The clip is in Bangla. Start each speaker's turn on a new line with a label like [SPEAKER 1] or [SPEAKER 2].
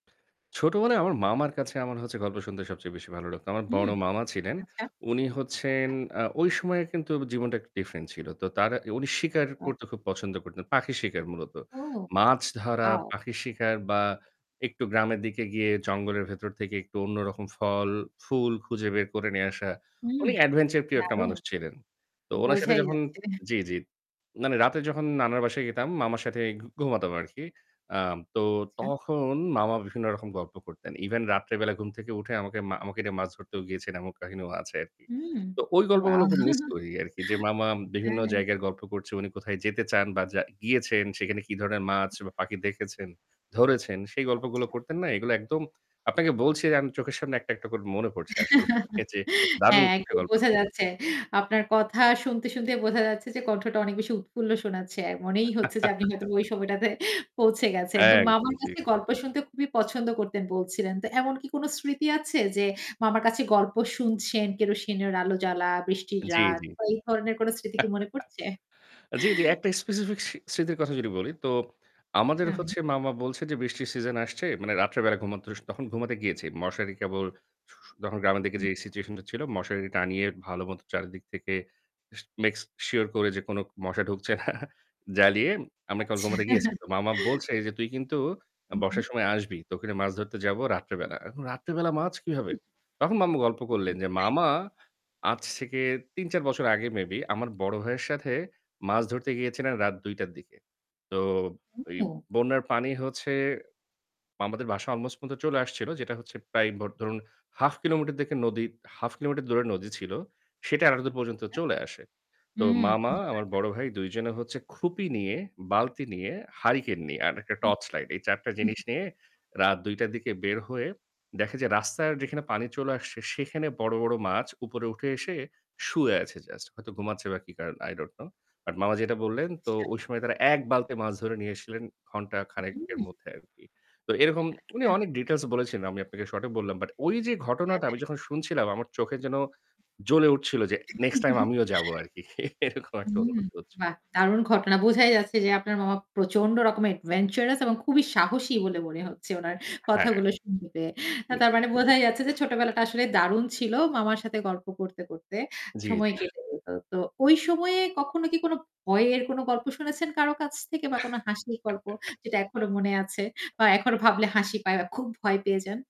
[SPEAKER 1] ছোটবেলায় আমার মামার কাছে আমার হচ্ছে গল্প শুনতে সবচেয়ে বেশি ভালো লাগতো। আমার
[SPEAKER 2] হুম।
[SPEAKER 1] বড় মামা ছিলেন,
[SPEAKER 2] আচ্ছা,
[SPEAKER 1] উনি হচ্ছেন
[SPEAKER 2] আচ্ছা।
[SPEAKER 1] আ ঐ সময়ে কিন্তু জীবনটা একটু ডিফারেন্ট ছিল। তো তার উনি শিকার
[SPEAKER 2] আত
[SPEAKER 1] করতে খুব পছন্দ করতেন। পাখির শিকার মূলত।
[SPEAKER 2] ও
[SPEAKER 1] মাছ ধরা,
[SPEAKER 2] ওয়াও!
[SPEAKER 1] পাখির শিকার বা একটু গ্রামের দিকে গিয়ে জঙ্গলের ভেতর থেকে একটু অন্য রকম ফল, ফুল খুঁজে বের করে নিয়ে আসা।
[SPEAKER 2] হুম।
[SPEAKER 1] উনি অ্যাডভেঞ্চার প্রিয় একটা
[SPEAKER 2] দারুণ!
[SPEAKER 1] মানুষ ছিলেন। তো উনার সাথে
[SPEAKER 2] বোঝাই
[SPEAKER 1] যখন
[SPEAKER 2] যাচ্ছে।
[SPEAKER 1] জি, জি। মানে রাতে যখন নানার বাসায় যেতাম মামার সাথেই ঘুমাতাম আরকি। আম তো
[SPEAKER 2] আচ্ছা।
[SPEAKER 1] তখন মামা বিভিন্ন রকম গল্প করতেন। ইভেন রাত্রে বেলা ঘুম থেকে উঠে আমাকে মা আমাকে নিয়ে মাছ ধরতেও গিয়েছেন এমন কাহিনীও আছে আরকি।
[SPEAKER 2] হুম।
[SPEAKER 1] তো ওই গল্পগুলো
[SPEAKER 2] ওয়াও!
[SPEAKER 1] খুব মিস করি আরকি যে মামা
[SPEAKER 2] হ্যাঁ,
[SPEAKER 1] বিভিন্ন
[SPEAKER 2] হ্যাঁ।
[SPEAKER 1] জায়গায় গল্প করছে, উনি কোথায় যেতে চান বা যা গিয়েছেন সেখানে কি ধরনের মাছ বা পাখি দেখেছেন, ধরেছেন। সেই
[SPEAKER 2] আচ্ছা।
[SPEAKER 1] গল্পগুলো করতেন না? এইগুলো একদম আপনাকে বলছি যে আমি চোখের সামনে একটা, একটা করে মনে পড়ছে আসলে। যে দারুণ
[SPEAKER 2] হ্যাঁ,
[SPEAKER 1] একটা
[SPEAKER 2] একদম
[SPEAKER 1] গল্প
[SPEAKER 2] বোঝা
[SPEAKER 1] ছিল।
[SPEAKER 2] যাচ্ছে। আপনার কথা শুনতে, শুনতেই বোঝা যাচ্ছে যে কণ্ঠটা অনেক বেশি উৎফুল্ল শোনাচ্ছে। অ্যা মনেই হচ্ছে যে আপনি হয়তো ওই সময়টাতে পৌঁছে গেছেন। তো
[SPEAKER 1] একদম,
[SPEAKER 2] মামার
[SPEAKER 1] জি।
[SPEAKER 2] কাছে গল্প শুনতে খুবই পছন্দ করতেন বলছিলেন। তো এমন কি কোন স্মৃতি আছে, যে মামার কাছে গল্প শুনছেন কেরোসিনের আলো জ্বালা, বৃষ্টির
[SPEAKER 1] জি,
[SPEAKER 2] রাত
[SPEAKER 1] জি।
[SPEAKER 2] বা এই ধরনের কোন স্মৃতি কি মনে পড়ছে?
[SPEAKER 1] জি, জি একটা স্পেসিফিক স স্মৃতির কথা যদি বলি, তো আমাদের
[SPEAKER 2] তাই?
[SPEAKER 1] হচ্ছে মামা বলছে, যে বৃষ্টির সিজন আসছে। মানে রাত্রে বেলা ঘুমাতে স তখন ঘুমাতে গিয়েছি। মশারি কেবল ছু তখন গ্রামের দিকে
[SPEAKER 2] হু।
[SPEAKER 1] যে সিচুয়েশনটা ছিল মশারি টানিয়ে ভাল মত চারিদিক থেকে স make sure করে যে কোন মশা ঢুকছে না জ্বালিয়ে আমরা কল
[SPEAKER 2] আচ্ছা।
[SPEAKER 1] ঘুমাতে গিয়েছি, তো মামা বলছে, যে "তুই কিন্তু
[SPEAKER 2] হু, হু।
[SPEAKER 1] বর্ষার সময় আসবি। তকে নিয়ে মাছ ধরতে যাব রাত্রে বেলা।" এখন রাত্রেবেলা মাছ
[SPEAKER 2] উ উ
[SPEAKER 1] কীভাবে? তখন মামু গল্প করলেন যে
[SPEAKER 2] তাইতো?
[SPEAKER 1] মামা আজ থেকে ৩-৪ বছর আগে maybe আমার বড় ভাইয়ের সাথে মাছ ধরতে গিয়েছিলেন রাত ২ঃ০০ টার দিকে। তো এই
[SPEAKER 2] ও!
[SPEAKER 1] বন্যার পানি হচ্ছে মামাদের বাসায় আলমোস্ট পর্যন্ত চলে আসছিল। যেটা হচ্ছে প্রায় ভ ধরুন, 1/2 কিলোমিটার দিকে নদী 1/2 কিলোমিটার দূরে নদী ছিল। সেটা এতো দূর পর্যন্ত
[SPEAKER 2] আচ্ছা,
[SPEAKER 1] চলে আসে। তো
[SPEAKER 2] হুম।
[SPEAKER 1] মামা আমার বড়
[SPEAKER 2] [unintelligible]
[SPEAKER 1] ভাই ২ জনে হচ্ছে খুপি নিয়ে, বালতি নিয়ে, হারিকেন নিয়ে আর একটা
[SPEAKER 2] উম
[SPEAKER 1] টর্চ লাইট এই ৪ টা
[SPEAKER 2] হু,
[SPEAKER 1] জিনিস
[SPEAKER 2] হুম।
[SPEAKER 1] নিয়ে রাত ২ঃ০০ টার দিকে বের হয়ে, দেখে যে রাস্তায় যেখানে পানি চলে আসছে সেখানে বড়, বড় মাছ উপরে উঠে এসে শুয়ে আছে জাস্ট। হয়তো ঘুমাচ্ছে বা কি কারণ I don't know but মামা যেটা বললেন, তো
[SPEAKER 2] আচ্ছা।
[SPEAKER 1] ওই সময় তারা ১ বালতি মাছ ধরে নিয়ে এসছিলেন ঘন্টা খানেকের
[SPEAKER 2] হু।
[SPEAKER 1] মধ্যে আরকি। তো এরকম উনি
[SPEAKER 2] আচ্ছা।
[SPEAKER 1] অনেক ডিটেইলস বলেছিলেন, আমি আপনাকে শর্টে বললাম। বাট ঐ যে
[SPEAKER 2] হ্যাঁ,
[SPEAKER 1] ঘটনাটা আমি
[SPEAKER 2] হ্যাঁ।
[SPEAKER 1] যখন শুনছিলাম আমার চোখে যেন জ্বলে উঠছিল যে, "নেক্সট টাইম আমিও যাবো আরকি।" এরকম একটা
[SPEAKER 2] হুম,
[SPEAKER 1] অনুভূতি হচ্ছিল।
[SPEAKER 2] বাহ দারুণ ঘটনা! বোঝাই যাচ্ছে যে আপনার মামা প্রচন্ড রকমের adventurous এবং খুবই সাহসী বলে মনে হচ্ছে উনার
[SPEAKER 1] হ্যাঁ।
[SPEAKER 2] কথাগুলো শুনতে পেয়ে। অ্যা
[SPEAKER 1] জি,
[SPEAKER 2] তার
[SPEAKER 1] জি।
[SPEAKER 2] মানে বোঝা যাচ্ছে যে ছোটবেলাটা আসলে দারুণ ছিল মামার সাথে গল্প করতে, করতে
[SPEAKER 1] জি, জি।
[SPEAKER 2] সময় কেটে যেত। তো ওই সময়ে কখনো কি কোন ভয়ের কোন গল্প শুনেছেন কারো কাছ থেকে? বা কোন হাসির গল্প যেটা এখনো মনে আছে? বা এখনো ভাবলে হাসি পায় বা খুব ভয় পেয়ে যান?